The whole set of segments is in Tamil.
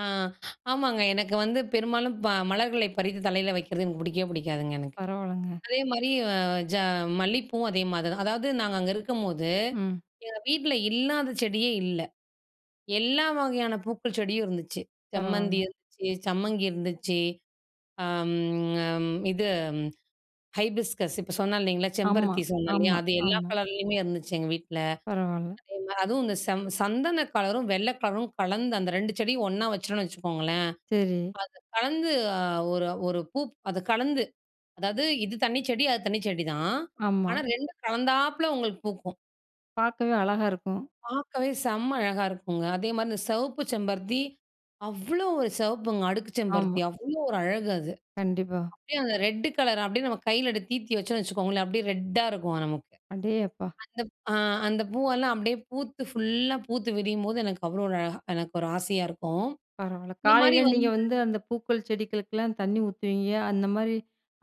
ஆ, ஆமாங்க. எனக்கு வந்து பெரும்பாலும் ப மலர்களை பறித்து தலையில வைக்கிறது எனக்கு புடிக்கவே புடிக்காதுங்க எனக்கு. பரவாலங்க. அதே மாரி ஆ ஜ மல்லி பூவும் அதே மாரி தான். அதாவது நாங்க அங்க இருக்கும்போது, ம். எங்க வீட்ல இல்லாத செடியே இல்ல. எல்லா வகையான பூக்கள் செடியும் இருந்துச்சு. செம்மந்தி பரவால. இருந்துச்சு, சம்மங்கி இருந்துச்சு. ஆம் ஆம். இது ஹைபிஸ்கஸ் இப்போ சொன்னேன் இல்லைங்களா, ஆமா, செம்பருத்தி சொன்னேன் இல்லையா? ஆமா, அது எல்லா ஆமா. கலர்லேயுமே இருந்துச்சு எங்க வீட்ல. பரவால. அதே மாரி அதும் இந்த ச சந்தன கலரும், வெள்ள கலரும் கலந்து அந்த ரெண்டு செடியும் ஒண்ணா வச்சுட்டோம்னு வச்சுக்கோங்களேன், சரி. அது கலந்து அ ஒரு ஒரு பூ அத கலந்து அதாவது இது தண்ணி செடி அது தண்ணி செடிதான். ஆனா ஆமா. ரெண்டும் கலந்தாப்பல உங்களுக்கு பூக்கும். பார்க்கவே அழகா இருக்கும். பார்க்கவே செம்ம அழகா இருக்குங்க. அதே மாரி இந்த சிவப்பு செம்பருத்தி, அவ்வளோ ஒரு சிவப்புங்க! அடுக்கு செம்பருத்தி ஆமா. அவ்வளோ ஒரு அழகு அது. கண்டிப்பா. அப்டியே அந்த ரெட் கலர், அப்டியே நம்ம கையில தீர்த்தி வச்சுக்கோங்களேன் அப்டியே ரெட்டா இருக்கும் நமக்கு. அடே அப்பா! அந்தப் ஆ அந்த பூவெல்லாம் அப்டியே பூத்து ஃபுல்லா பூத்து விரியும்போது எனக்கு அவ்வளோ ஒரு அழகா எனக்கு ஒரு ஆசையா இருக்கும். பரவால. இந்த மாரி காலையில வந்து நீங்க வந்து, அந்த பூக்கள், செடிகளுக்கெல்லாம் தண்ணி ஊத்துவீங்க. அந்த மாரி,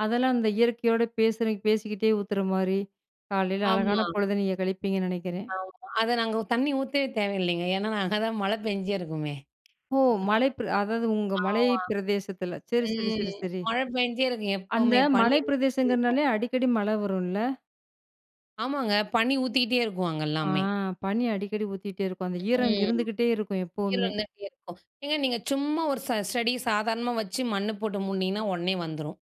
அதெல்லாம் அந்த இயற்கையோட பேசுற பேசிக்கிட்டே ஊத்துற மாரி காலையில அழகான ஆமா. பொழுது நீங்க கழிப்பீங்கன்னு நெனைக்கிறேன்! ஆமா. அத நாங்க உ தண்ணி ஊத்தவே தேவை இல்லைங்க. ஏனா, அங்க தான் மழை பெஞ்சு இருக்குமே! ஓ! மலை பிர அதாவது உங்க மலை ஆமா. பிரதேசத்துல சரி, சரி, ம். சரி, சரி. மழ பெஞ்சே இருக்கும் அந்த எப்பவுமே பனீ மலை ஊத்திக்கிட்டே இருக்கும். பிரதேசங்கிறதுனாலே அடிக்கடி மழ வரும்ல? ஆமாங்க. பனி ஊத்திட்டே இருக்கும் அங்க ஆ, எல்லாமே. பனி அடிக்கடி ஊத்திட்டே இருக்கும். அந்த ஈரம் ம். இருந்துகிட்டே இருக்கும் ஈரம் எப்போமே. இருந்துகிட்டே இருக்கும். ஏங்க நீங்க சும்மா ஒரு ச ஸ்டெடி சாதாரணமா வச்சு மண்ணு போட்டு மூடினீங்கன்னா, உடனே வந்துரும்.